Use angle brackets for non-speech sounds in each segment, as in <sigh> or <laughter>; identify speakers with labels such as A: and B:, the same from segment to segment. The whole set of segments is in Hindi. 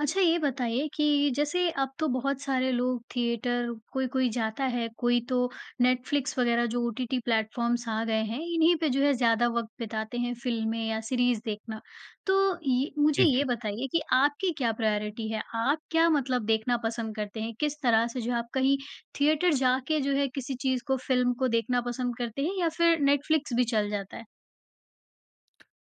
A: अच्छा ये बताइए कि जैसे अब तो बहुत सारे लोग थिएटर कोई-कोई जाता है, कोई तो नेटफ्लिक्स वग़ैरह जो ओटीटी प्लेटफॉर्म्स आ गए हैं इन्हीं पे जो है ज़्यादा वक़्त बिताते हैं, फिल्में या सीरीज़ देखना। तो ये मुझे
B: हुँ, हुँ।
A: ये बताइए कि आपकी क्या प्रायोरिटी है? आप क्या मतलब देखना पसंद करते है? किस तरह से जो है आप कहीं थिएटर जा के जो है किसी चीज़ को, फिल्म को देखना पसंद करते हैं या फिर नेटफ्लिक्स भी चल जाता है?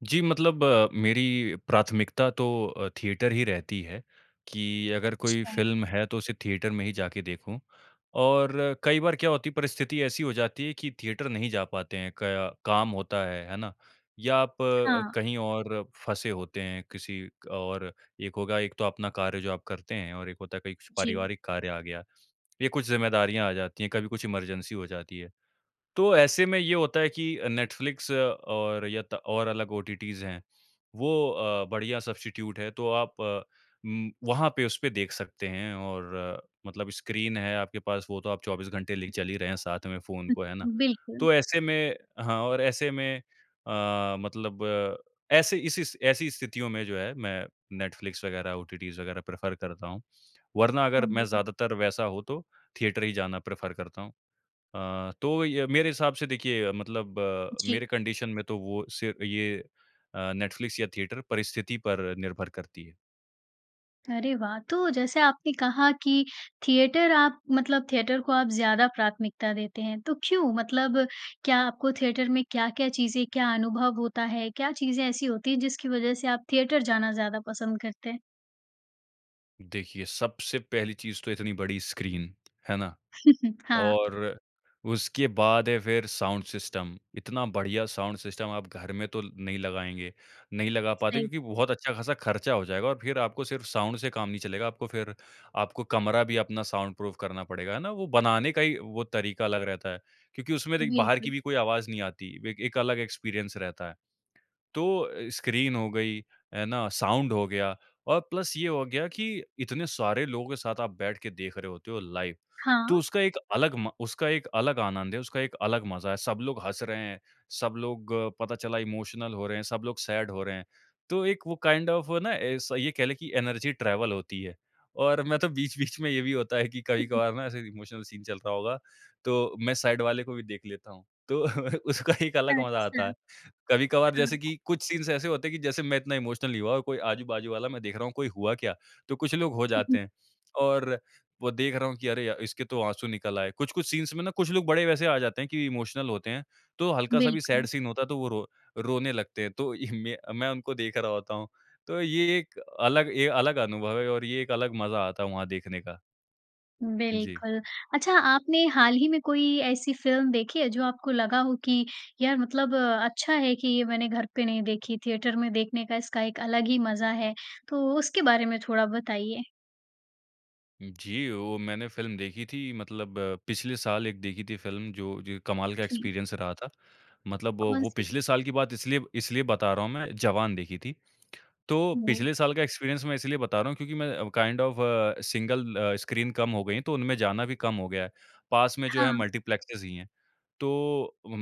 B: जी, मतलब मेरी प्राथमिकता तो अ, थिएटर ही रहती है कि अगर कोई
A: अच्छा।
B: फिल्म है तो उसे थिएटर में ही जाके देखूँ। और कई बार क्या होती है परिस्थिति ऐसी हो जाती है कि थिएटर नहीं जा पाते हैं। कया काम होता है, है ना? या आप
A: हाँ।
B: कहीं और फँसे होते हैं, किसी और एक होगा एक तो अपना कार्य जो आप करते हैं और एक होता है कहीं
A: जी।
B: पारिवारिक कार्य आ गया। ये कुछ जिम्मेदारियाँ आ जाती हैं, कभी कुछ इमरजेंसी हो जाती है। तो ऐसे में ये होता है कि नेटफ्लिक्स और यत और अलग ओटीटीस हैं वो अ, बढ़िया सबस्टीट्यूट है। तो आप म वहाँ पे उसपे देख सकते हैं और मतलब स्क्रीन है आपके पास वो तो आप 24 घंटे लेके चल ही रहे हैं साथ में फोन को, है ना?
A: ऊ बिल्कुल।
B: तो ऐसे में हाँ और ऐसे में अ, मतलब ऐसे इस इस ऐसी स्थितियों में जो है मैं नेटफ्लिक्स वग़ैरह, ओटीटीस वग़ैरह प्रेफर करता हूँ। वरना अगर मैं ज्यादातर वैसा हो तो थिएटर ही जाना प्रेफर करता हूँ। अ, तो य मेरे हिसाब से देखिए मतलब
A: जी।
B: मेरे कंडीशन में तो वो सिर्फ़ ये अ, नेटफ्लिक्स या थिएटर परिस्थिति पर निर्भर करती है।
A: अरे वाह! तो जैसे आपने कहा कि थिएटर आप मतलब थिएटर को आप ज़्यादा प्राथमिकता देते हैं। तो क्यों? मतलब क्या आपको थिएटर में क्या-क्या चीज़ें क्या अनुभव होता है क्या चीज़ें ऐसी होती हैं जिसकी वजह से आप थिएटर जाना ज़्यादा पसंद करते हैं?
B: देखिए, सबसे पहली चीज़ तो इतनी बड़ी स्क्रीन, है ना?
A: <chuckles> हाँ।
B: और उसके बाद है फिर साउंड सिस्टम, इतना बढ़िया साउंड सिस्टम आप घर में तो नहीं लगाएँगे नहीं लगा पाते
A: सही बात।
B: क्योंकि बहुत अच्छा खासा खर्चा हो जाएगा और फिर आपको सिर्फ साउंड से काम नहीं चलेगा। आपको फिर आपको कमरा भी अपना साउंड प्रूफ करना पड़ेगा, है ना? वो बनाने का ही वो तरीका अलग रहता है। क्योंकि उसमें देख बाहर की
A: बिल्कुल।
B: भी कोई आवाज नहीं आती, ए एक अलग एक्सपीरियंस रहता है। तो स्क्रीन हो गयी, है ना साउंड हो गया और प्लस ये हो गया कि इतने सारे लोगों के साथ आप बैठ के देख रहे होते हो लाइव। तो
A: हाँ।
B: उसका एक अलग म उसका एक अलग आनंद है, उसका एक अलग मज़ा है सब लोग हँस रहे हैं, सब लोग पता चला इमोशनल हो रहे हैं, सब लोग सैड हो रहे हैं। तो एक वो काइंड ऑफ़ ना ऐसा ये कह ले कि एनर्जी ट्रैवल होती है। और मैं तो बीच-बीच में ये भी होता है कि
A: <chuckles>
B: कभी-कभार ना ऐसे इमोशनल सीन चल रहा होगा। तो मैं साइड वाले को भी देख लेता हूँ, तो उसका एक अलग मज़ा
A: अच्छा।
B: आता है। कभी-कभार जैसे
A: हाँ।
B: की कुछ सीन्स ऐसे होते हैं कि जैसे मैं इतना इमोशनल नहीं हुआ और कोई आजू-बाजू वाला मैं देख रहा हूँ कोई हुआ क्या? तो कुछ लोग हो जाते
A: <chuckles>
B: हैं और वो देख रहा हूँ कि अरे इसके तो आँसू निकल आए। कुछ-कुछ सीन्स में ना कुछ लोग बड़े वैसे आ जाते हैं कि इमोशनल होते हैं तो हल्का-सा भी
A: बिल्कुल।
B: सैड सीन होता है तो वो रो रोने लगते हैं। तो य म मैं उनको देख रहा होता हूँ। तो ये एक अलग ए अलग अनुभव है और ये एक अलग मज़ा आता है वहाँ देखने का। जी।
A: बिल्कुल। अच्छा आपने हाल ही में कोई ऐसी फ़िल्म देखी है जो आपको लगा हो कि यार! मतलब अच्छा है कि ये मैंने घर पे नहीं देखी, थिएटर में देखने का इसका एक अलग ही मज़ा है? तो उसके बारे में थोड़ा बताइए।
B: जी, वो मैंने फ़िल्म देखी थी मतलब पिछले साल एक देखी थी फ़िल्म जो जो कमाल का
A: जी।
B: एक्सपीरियंस रहा था। मतलब वो
A: कौन-सी?
B: पिछले साल की बात इसलिए इसलिए बता रहा हूँ मैं जवान देखी थी। तो
A: हुँ।
B: पिछले साल का एक्सपीरियंस मैं इसलिए बता रहा हूँ क्योंकि मैं kind of uh, single uh, screen कम हो गयी है तो उनमें जाना भी कम हो गया है। पास में जो है
A: हाँ।
B: मल्टीप्लेक्स ही है। तो उम,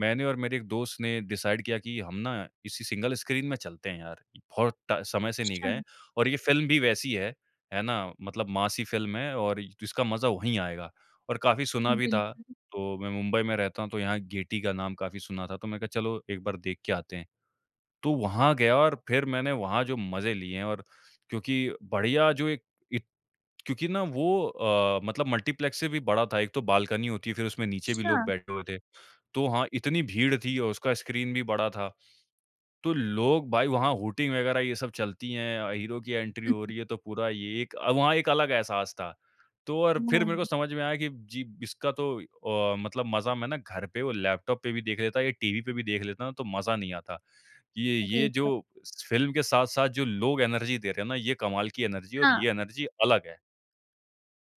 B: मैंने और मेरे एक दोस्त ने डिसाइड किया कि हम ना इसी सिंगल स्क्रीन में चलते हैं यार! बहुत ट समय से नहीं
A: अच्छा।
B: गए। और ये फ़िल्म भी वैसी है, है ना? मतलब मासी फ़िल्म है और जिसका मज़ा वही आएगा, और काफी सुना भी था।
A: बिल्कुल।
B: तो मैं मुंबई में रहता हूँ तो यहाँ गेटी का नाम काफी सुना था। तो मैंने कहा चलो एक बार देख के आते हैं। तो वहाँ गया और फिर मैंने वहाँ जो मज़े लिए हैं और क्योंकि बढ़िया जो एक इ क्योंकि ना वो अ, मतलब मल्टीप्लेक्स से भी बड़ा था। एक तो बाल्कनी होती है फिर उसमें नीचे भी लोग
A: अच्छा।
B: बैठे हुए थे। तो हाँ इतनी भीड़ थी और उसका स्क्रीन भी बड़ा था। तो लोग भाई वो हूटिंग वगैरह ये सब चलती है। अ, हीरो की एंट्री
A: हुँ,
B: हो
A: हुँ।
B: रही है तो पूरा ये एक अ, वहाँ एक अलग एहसास था। तो और फिर
A: ओह!
B: मेरे को समझ में आया की जी इसका तो अ, मतलब मज़ा मैं ना घर पे वो लैपटॉप पे भी देख लेता या टीवी पे भी देख लेता हूँ, तो मज़ा नहीं आता। ये ये
A: <unintelligible>
B: जो फ़िल्म के साथ-साथ जो लोग एनर्जी दे रहे हैं ना ये कमाल की एनर्जी है और
A: हाँ।
B: ये एनर्जी अलग है।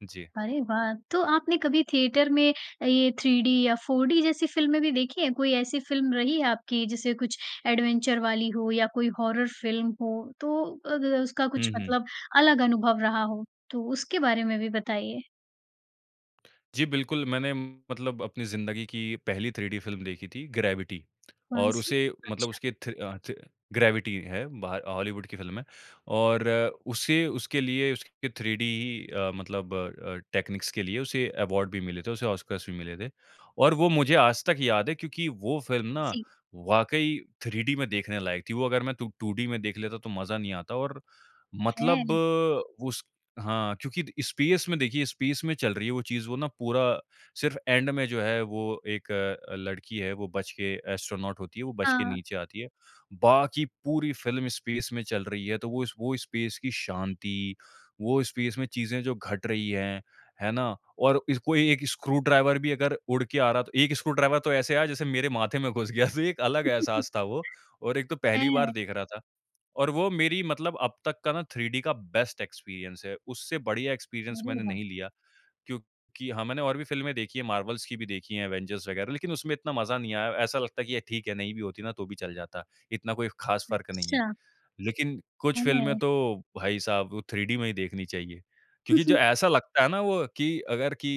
B: जी।
A: अरे वाह! तो आपने कभी थिएटर में अ, ये 3D या 4D जैसी फ़िल्में भी देखी है? कोई ऐसी फ़िल्म रही है आपकी जैसे कुछ एडवेंचर वाली हो या कोई हॉरर फ़िल्म हो तो अग अ, उसका
B: हुँ,
A: कुछ
B: हुँ।
A: मतलब अलग अनुभव रहा हो। तो उसके बारे में भी बताइए।
B: जी बिल्कुल, मैंने मतलब अपनी ज़िंदगी की पहली 3D फ़िल्म देखी थी ग्रेविटी। और
A: कौन-सी?
B: उसे मतलब
A: अच्छा।
B: उसके थि अ, थि ग्रेविटी है बाह हॉलीवुड की फ़िल्म है और उसे उसके लिए उसके 3D ही अ, मतलब अ अ, टेक्नीक्स के लिए उसे अवार्ड भी मिले थे उसे ऑस्कर्स भी मिले थे। और वो मुझे आज तक याद है क्योंकि वो फ़िल्म ना
A: जी।
B: वाक़ई 3D में देखने लायक थी। वो अगर मैं 2 2D में देख लेता तो मज़ा नहीं आता और मतलब
A: हैं!
B: उस हाँ, क्योंकि द स्पेस में देखिए स्पेस में चल रही है वो चीज़ वो ना पूरा सिर्फ़ एंड में जो है वो एक लड़की है वो बच के एस्ट्रोनॉट होती है वो बच के
A: हाँ।
B: नीचे आती है। बाकी पूरी फ़िल्म स्पेस में चल रही है तो वो स वो स्पेस की शांति, वो स्पेस में चीज़ें जो घट रही हैं। है ना? और कोई 1 स्क्रू ड्राइवर भी अगर उड़ के आ रहा है तो 1 स्क्रू ड्राइवर तो ऐसे आया जैसे मेरे माथे में घुस गया तो एक अलग
A: <chuckles>
B: एहसास था वो। और एक तो पहली बार
A: हैं!
B: देख रहा था। और वो मेरी मतलब अब तक का ना 3D का बेस्ट एक्सपीरियंस है। उससे बढ़िया एक्सपीरियंस
A: अरे
B: मैंने
A: वाह!
B: नहीं लिया क्योंकि हाँ, मैंने और भी फ़िल्में देखी हैं मार्वल्स की भी देखी हैं एवेंजर्स वग़ैरह। लेकिन उसमें इतना मज़ा नहीं आया। ऐसा लगता है कि ये ठीक है नहीं भी होती ना तो भी चल जाता। इतना कोई ख़ास फ़र्क नहीं है।
A: अच्छा।
B: लेकिन, कुछ फ़िल्में
A: हैं।
B: तो भाई साहब वो 3D में ही देखनी चाहिए। क्योंकि जो
A: <chuckles>
B: ऐसा लगता है ना वो कि अगर कि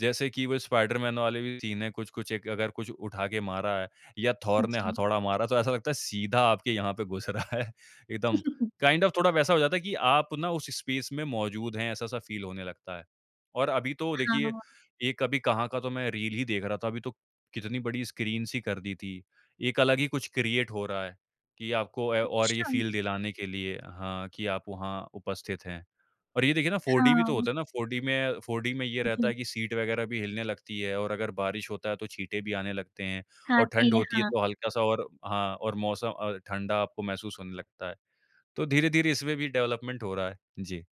B: जैसे कि वो स्पाइडरमैन वाले भी सीन हैं कुछ-कुछ एक अगर कुछ उठा के मारा है या थोर ने
A: जी।
B: हथौड़ा मारा तो ऐसा लगता है सीधा आपके यहाँ पे घुस रहा है एकदम
A: <chuckles>
B: काइंड ऑफ़ थोड़ा वैसा हो जाता है कि आप ना उस स्पेस में मौजूद हैं ऐसा-सा फ़ील होने लगता है। और अभी तो देखिए
A: हाँ।
B: एक अभी कहाँ का तो मैं रील ही देख रहा था अभी तो कितनी बड़ी स्क्रीन ही कर दी थी। एक अलग ही कुछ क्रिएट हो रहा है कि आपको ए, और ये
A: अच्छा।
B: फ़ील दिलाने के लिए हाँ कि आप वहाँ उपस्थित हैं। और ये देखिए ना फ़ोर डी भी तो
A: हाँ।
B: होता है ना 4D में फ़ोर डी में ये रहता है
A: जी।
B: कि सीट वग़ैरह भी हिलने लगती है और अगर बारिश होता है तो छींटे भी आने लगते हैं।
A: हाँ,
B: और ठंड
A: ठीक है।
B: होती है
A: हाँ।
B: तो हल्का-सा और हाँ और मौसम अ, ठंडा आपको महसूस होने लगता है। तो धीरे-धीरे इसमें भी डेवलपमेंट हो रहा है। जी।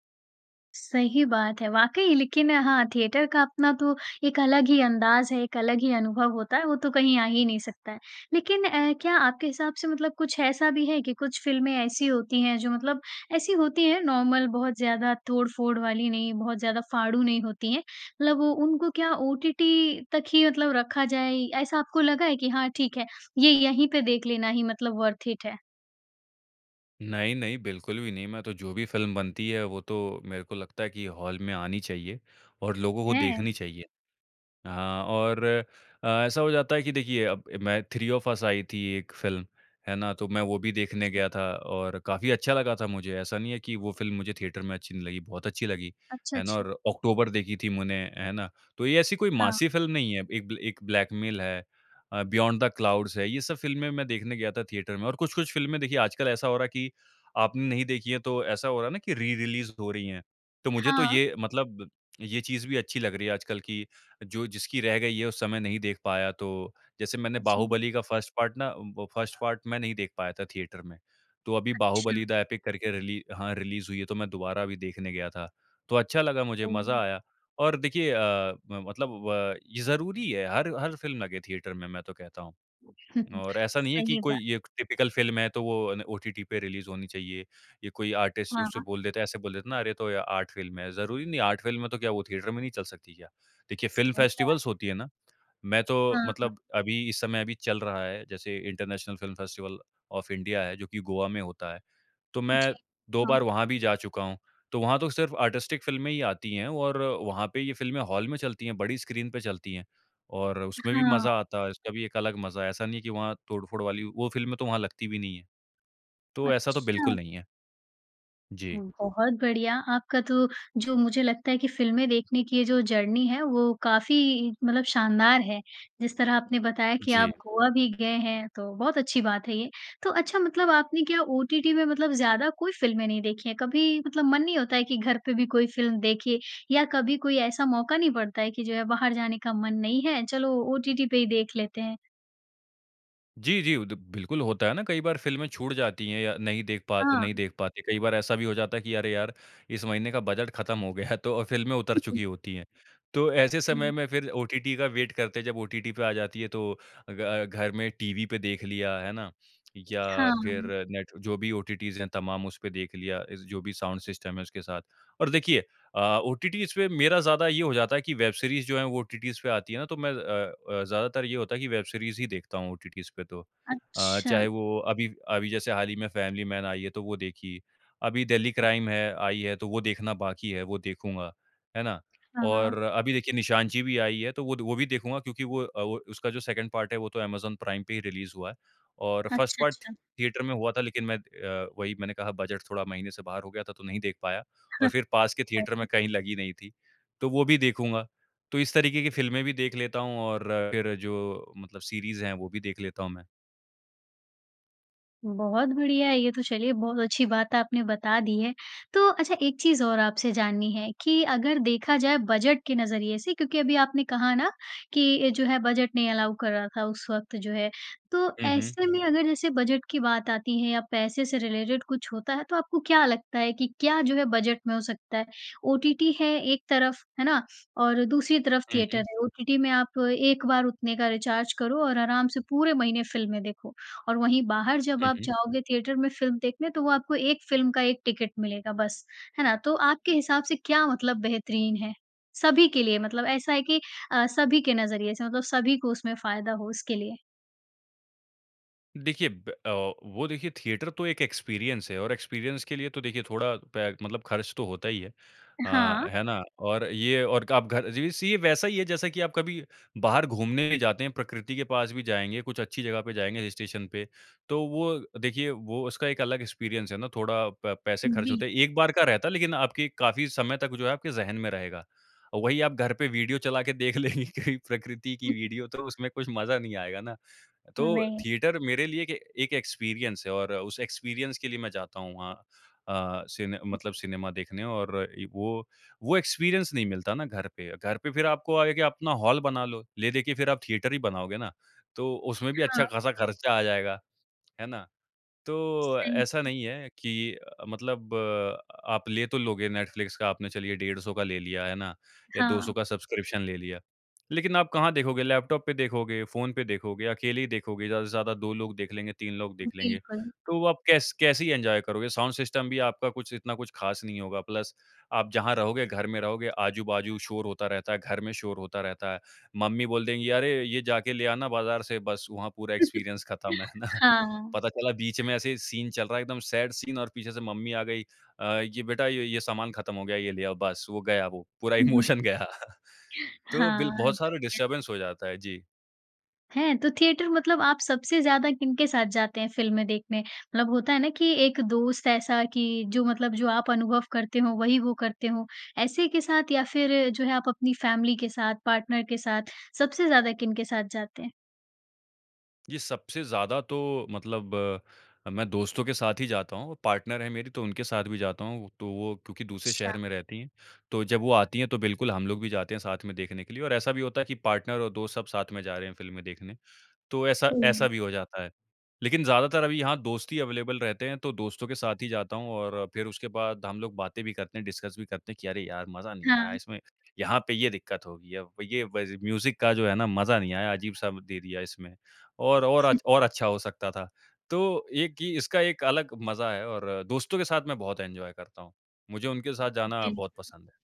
A: सही बात है, वाक़ई लेकिन हाँ थिएटर का अपना तो एक अलग ही अंदाज़ है, एक अलग ही अनुभव होता है, वो तो कहीं आ ही नहीं सकता है। लेकिन अ, क्या आपके हिसाब से मतलब कुछ ऐसा भी है कि कुछ फिल्में ऐसी होती हैं, जो मतलब ऐसी होती हैं नॉर्मल बहुत ज़्यादा तोड़-फोड़ वाली नहीं बहुत ज़्यादा फाड़ू नहीं होती हैं, मतलब वो उनको क्या ओटीटी तक ही मतलब रखा जाए? ऐसा आपको लगा है कि हाँ ठीक है ये यहीं पे देख लेना ही मतलब वर्थ इट है।
B: नहीं, नहीं बिल्कुल भी नहीं। मैं तो जो भी फिल्म बनती है वो तो मेरे को लगता है कि हॉल में आनी चाहिए और लोगों को
A: हैं?
B: देखनी चाहिए। हाँ और अ, ऐसा हो जाता है कि देखिए मैं थ्री ऑफ़ अस आई थी एक फिल्म, है ना? तो मैं वो भी देखने
A: जी।
B: गया था और काफ़ी अच्छा लगा था मुझे ऐसा नहीं है कि वो फिल्म मुझे थिएटर में अच्छी नहीं लगी, बहुत अच्छी लगी
A: अच्छा,
B: है ना?
A: अच्छा।
B: और ऑक्टोबर देखी थी मैंने है ना? तो ये ऐसी कोई
A: हाँ।
B: मासी फिल्म नहीं है। एक बल एक ब्लैकमेल है अ, बियॉन्ड द क्लाउड्स है। ये सब फिल्में मैं देखने गया था थिएटर में और कुछ-कुछ फिल्में देखिए आजकल ऐसा हो रहा है कि आपने नहीं देखी है तो ऐसा हो रहा है ना कि री-रिलीज़ हो रही हैं। तो मुझे तो
A: हाँ।
B: ये मतलब ये चीज़ भी अच्छी लग रही है आजकल कि जो जिसकी रह गई है उस समय नहीं देख पाया, तो जैसे मैंने
A: जी।
B: बाहुबली का फर्स्ट पार्ट ना उम, वो 1st पार्ट मैं नहीं देख पाया था थिएटर में, तो अभी
A: अच्छा।
B: बाहुबली द एपिक करके रिली हाँ रिलीज़ हुई है तो मैं दोबारा अभी देखने गया था। तो अच्छा लगा मुझे
A: ओह!
B: मज़ा आया और देखिए अ अ, मतलब व ये ज़रूरी है हर हर फिल्म लगे थिएटर में मैं तो कहता हूँ
A: <chuckles>
B: और ऐसा नहीं है कि
A: सही बात।
B: कोई ये टाइपिकल फिल्म है तो वो न ओटीटी पे रिलीज़ होनी चाहिए। ये कोई आर्टिस्ट उसे
A: हाँ।
B: बोल देता है ऐसे बोल देता है ना? अरे तो ये आर्ट फिल्म है, ज़रूरी नहीं है आर्ट फिल्म है तो क्या वो थिएटर में नहीं चल सकती क्या? देखिए फिल्म
A: सही बात
B: फेस्टिवल्स
A: है।
B: होती है ना। मैं तो
A: हाँ, हाँ।
B: मतलब अभी इस समय अभी चल रहा है जैसे international film festival of India है जो कि गोवा में होता है। तो मैं
A: जी।
B: 2
A: हाँ।
B: बार वहाँ भी जा चूका हूँ। तो वहाँ तो सिर्फ़ आर्टिस्टिक फिल्में ही आती है और वहाँ पे ये फिल्में हॉल में चलती है बड़ी स्क्रीन पे चलती है। और उसमें भी मज़ा
A: हाँ।
B: आता है, उसका भी एक अलग मज़ा है, ऐसा नहीं है कि वहाँ तोड़-फोड़ वाली वो फिल्में तो वहाँ लगती भी नहीं हैं। तो ऐसा तो बिल्कुल
A: अच्छा!
B: नहीं है। जी। जी।
A: हुँ, बहुत बढ़िया! आपका तो जो मुझे लगता है कि फिल्में देखने की ये जो जर्नी है वो काफ़ी मतलब शानदार है। जिस तरह आपने बताया कि आप
B: जी।
A: गोवा भी गए हैं तो बहुत अच्छी बात है ये। तो अच्छा मतलब आपने क्या ओटीटी में मतलब ज़्यादा कोई फिल्में नहीं देखी हैं? कभी मतलब मन नहीं होता है कि घर पे भी कोई फिल्म देखे या कभी कोई ऐसा मौक़ा नहीं पड़ता है कि जो है बाहर जाने का मन नहीं है, चलो ओटीटी पे ही देख लेते हैं?
B: जी, जी, उ द बिल्कुल होता है ना कई बार फ़िल्में छूट जाती है या नहीं देख पा
A: हाँ।
B: नहीं देख पाते। कई बार ऐसा भी हो जाता है कि अरे यार इस महीने का बजट खत्म हो गया है तो अ, फ़िल्में उतर
A: <chuckles>
B: चुकी होती है। तो ऐसे समय
A: सही।
B: में फिर ओटीटी का वेट करते है जब ओटीटी पे आ जाती है तो ग घर में टीवी पे देख लिया है ना? या फिर
A: हाँ।
B: नेट जो भी ओटीटीज़ है तमाम उसपे देख लिया। इस जो भी साउंड सिस्टम है उसके साथ। और देखिए अ, ओटीटीज़ पे मेरा ज़्यादा ये हो जाता है कि वेब सीरीज़ जो है वो ओटीटीज़ पे आती है ना तो मैं अ अ, ज़्यादातर ये होता है कि वेब सीरीज़ ही देखता हूँ ओटीटीज़ पे तो। अ,
A: अच्छा।
B: चाहे वो अभी अभी जैसे हाल ही में फैमिली मैन आई है तो वो देखी। अभी दिल्ली क्राइम है आई है तो वो देखना बाकी है वो देखूँगा। है ना?
A: हाँ, हाँ।
B: और अभी देखिए निशानची भी आई है तो वो द वो भी देखूँगा क्योंकि वो अ, वो उसका जो 2nd पार्ट है वो तो अमेज़न प्राइम पे ही रिलीज़ हुआ है। और 1st
A: अच्छा,
B: पार्ट
A: अच्छा।
B: थिएटर में हुआ था लेकिन मैं अ, वही मैंने कहा बजट थोड़ा महीने से बाहर हो गया था तो नहीं देख पाया। और फिर
A: <chuckles>
B: पास के थिएटर में
A: <unintelligible>
B: कहीं लगी नहीं थी, तो वो भी देखूँगा। तो इस तरीके की फ़िल्में भी देख लेता हूँ, और फिर जो मतलब सीरीज़ है वो भी देख लेता हूँ मैं।
A: बहुत बढ़िया। ये तो चलिए बहुत अच्छी बात आपने बता दी है। तो अच्छा एक चीज़ और आपसे जाननी है कि अगर देखा जाए बजट के नज़रिए से क्योंकि अभी आपने कहा ना कि ए, जो है बजट नहीं अलाउ कर रहा था उस वक़्त जो है। तो
B: हुँ, हुँ।
A: ऐसे में अगर जैसे बजट की बात आती है या पैसे से रिलेटेड कुछ होता है तो आपको क्या लगता है कि क्या जो है बजट में हो सकता है? ओटीटी है एक तरफ़, है ना? और दूसरी तरफ़
B: हुँ,
A: थिएटर
B: हुँ।
A: है। ओटीटी में आप एक बार उतने का रिचार्ज करो और आराम से पूरे महीने फिल्में देखो। और वहीं बाहर जब
B: हुँ,
A: आप
B: हुँ।
A: जाओगे थिएटर में फिल्म देखने तो वो आपको 1 फिल्म का 1 टिकट मिलेगा बस, है ना? तो आपके हिसाब से क्या मतलब बेहतरीन है? सभी के लिए, मतलब ऐसा है कि अ, सभी के नज़रिए से, मतलब सभी को उसमें फ़ायदा हो इसके लिए।
B: देखिए ब अ, वो देखिए थिएटर तो एक एक्सपीरियंस है। और एक्सपीरियंस के लिए तो देखिए थोड़ा पे मतलब खर्च तो होता ही है। अ,
A: हाँ।
B: है ना? और ये और क आप घर ये वैसे वैसा ही है जैसा कि आप कभी बाहर घूमने जाते हैं, प्रकृति के पास भी जाएँगे, कुछ अच्छी जगह पे जाएँगे हिल स्टेशन पे। तो वो देखिए वो उसका एक अलग एक्सपीरियंस है ना थोड़ा प पैसे खर्च
A: बिल
B: होते हैं। एक बार का रहता है लेकिन आपके काफ़ी समय तक जो है आपके ज़हन में रहेगा। और वही आप घर पे वीडियो चला के देख लेंगे कहीं प्रकृति की वीडियो, तो उसमें कुछ मज़ा नहीं आएगा ना, तो
A: नहीं।
B: थिएटर मेरे लिए एक एक एक्सपीरियंस है और उस एक्सपीरियंस के लिए मैं जाता हूँ वहाँ। अ, सिने मतलब
A: जी।
B: सिनेमा देखने और एक वो वो एक्सपीरियंस नहीं मिलता ना घर पे। घर पे फिर आपको आयेगा अपना हॉल बना लो, ले दे के फिर आप थिएटर ही बनाओगे ना? तो उसमें भी
A: हाँ।
B: अच्छा-खासा खर्चा आ जाएगा, है ना? तो
A: सही।
B: ऐसा नहीं है कि अ, मतलब आप ले तो लोगे नेटफ़्लिक्स का, आपने चलिए डेढ़ 100 का ले लिया, है ना? या 200
A: हाँ।
B: का सब्सक्रिप्शन ले लिया। लेकिन आप कहाँ देखोगे? लैपटॉप पे देखोगे? फोन पे देखोगे? अकेले ही देखोगे ज़्यादा से ज़्यादा 2 लोग देख लेंगे, 3 लोग देख लेंगे।
A: बिल्कुल।
B: तो व वो आप कैस कैसे ही एन्जॉय करोगे? साउंड सिस्टम भी आपका कुछ इतना कुछ खास नहीं होगा। प्लस आप जहाँ रहोगे घर में रहोगे, आजू-बाजू शोर होता रहता है, घर में शोर होता रहता है। मम्मी बोल देंगी "अरे! ये जाके ले आना बाज़ार से" बस वहाँ पूरा
A: <laughs>
B: एक्सपीरियंस खत्म, है ना?
A: हाँ, हाँ।
B: पता चला बीच
A: सही
B: में ऐसे ही सीन चल रहा है, एकदम सैड सीन और पीछे से मम्मी आ गयी अ, "ये बेटा य ये सामान खत्म हो गया है, ये ले आओ बस।" वो गया वो, पूरा
A: हुँ, हुँ।
B: इमोशन गया। तो बिल
A: हाँ,
B: बहुत सारा
A: बढ़िया।
B: डिस्टर्बेंस हो जाता है। जी।
A: हैं? तो थिएटर मतलब आप सबसे ज़्यादा किनके साथ जाते हैं फ़िल्में देखने? मतलब होता है ना कि एक दोस्त ऐसा कि जो मतलब जो आप अनुभव करते हों वही वो करते हों। ऐसे के साथ या फिर जो है, आप अपनी फैमिली के साथ, पार्टनर के साथ सबसे ज़्यादा किनके साथ जाते हैं?
B: ये सबसे ज़्यादा तो मतलब अ, मैं दोस्तों के साथ ही जाता हूँ। पार्टनर हैं मेरी तो उनके साथ भी जाता हूँ। तो वो क्योंकि दूसरे
A: अच्छा।
B: शहर में रहती हैं, तो जब वो आती हैं तो बिल्कुल हम लोग भी जाते हैं साथ में देखने के लिए और ऐसा भी होता है कि पार्टनर और दोस्त सब साथ में जा रहे हैं फ़िल्में देखने, तो ऐसा ऐसा
A: हुँ।
B: भी हो जाता है। लेकिन ज़्यादातर अभी यहाँ दोस्त ही अवेलेबल रहते हैं तो दोस्तों के साथ ही जाता हूँ और फिर उसके बाद हम लोग बातें भी करते हैं, डिस्कस भी करते हैं कि, "अरे यार, मज़ा नहीं आया
A: हाँ।
B: इसमें। यहाँ पे ये दिक्कत होगी अब, ये व ज़ म्यूज़िक का जो है ना मज़ा नहीं आया अजीब-सा दे दिया इसमें, और और
A: <chuckles>
B: अच् और अच्छा हो सकता था।" तो एक ये कि इसका एक अलग मज़ा है और दोस्तों के साथ मैं बहुत एन्जॉय करता हूँ। मुझे उनके साथ जाना बहुत
A: बिल्कुल।
B: पसंद है।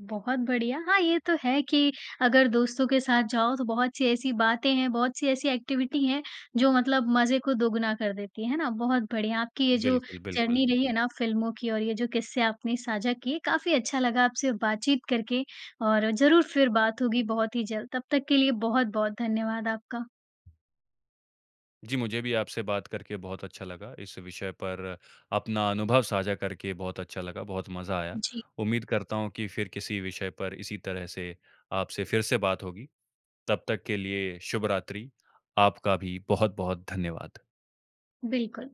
A: बहुत बढ़िया। हाँ, ये तो है कि अगर दोस्तों के साथ जाओ तो बहुत-सी ऐसी बातें हैं, बहुत-सी ऐसी एक्टिविटी हैं जो मतलब मज़े को दोगुना कर देती है। है ना? बहुत बढ़िया, आपकी ये जो
B: बिल्कुल, बिल्कुल।
A: जर्नी रही है ना फ़िल्मों की और ये जो किस्से आपने साझा किए, काफ़ी अच्छा लगा आपसे बातचीत करके और ज़रूर फिर बात होगी बहुत ही जल्द। तब तक के लिए बहुत-बहुत धन्यवाद आपका।
B: जी, मुझे भी आपसे बात करके बहुत अच्छा लगा। इस विषय पर अपना अनुभव साझा करके बहुत अच्छा लगा, बहुत मज़ा आया।
A: जी।
B: उम्मीद करता हूँ कि फिर किसी विषय पर इसी तरह से आपसे फिर से बात होगी, तब तक के लिए शुभ रात्रि। आपका भी बहुत-बहुत धन्यवाद।
A: बिल्कुल।